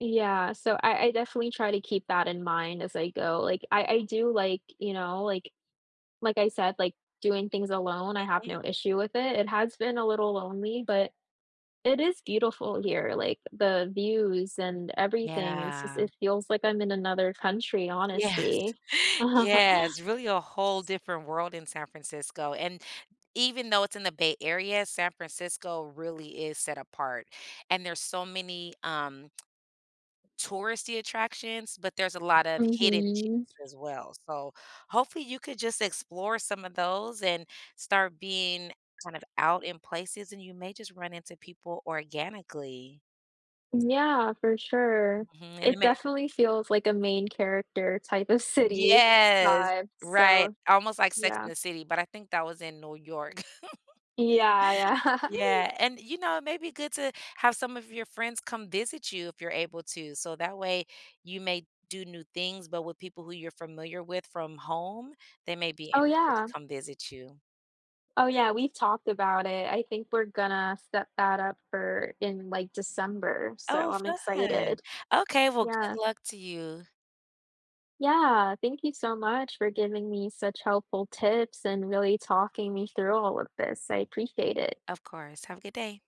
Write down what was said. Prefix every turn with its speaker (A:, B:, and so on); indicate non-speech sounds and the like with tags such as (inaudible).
A: Yeah, so, I I definitely try to keep that in mind as I go, like, I I do, like, you know, like like I said, like, doing things alone,
B: Yeah,
A: I have
B: right.
A: no issue with it. It has been a little lonely, but it is beautiful here, like, the views and everything, it's just
B: Yeah.
A: it feels like I'm in another country,
B: Yes!
A: honestly.
B: Yes, really a whole
A: (chuckles)
B: different world in San Francisco, and even though it's in the Bay Area, San Francisco really is set apart. And there's so many, um touristy attractions, but there's a lot of hidden gems
A: Mhm.
B: as well. So, hopefully, you could just explore some of those, and start being kind of out in places, and you may just run into people organically.
A: Yeah, for sure.
B: Mhm, and it
A: It
B: may
A: definitely feels like a main character type of city
B: Yes,
A: vibe,
B: right,
A: so,
B: almost like Sex
A: yeah.
B: and the City, but I think that was in New York. (laughs)
A: Yeah, yeah. (laughs)
B: Yeah, and, you know, it may be good to have some of your friends come visit you, if you're able to, so, that way, you may do new things, but with people who you're familiar with from home, they may be
A: Oh,
B: interested to
A: yeah.
B: come visit you.
A: Oh, yeah, we've talked about it, I think we're gonna set that up for in, like, December, so
B: Oh,
A: I'm
B: fun.
A: excited.
B: Okay, well, good
A: Yeah.
B: luck to you.
A: Yeah. Thank you so much for giving me such helpful tips and really talking me through all of this, I appreciate it.
B: Of course. Have a good day.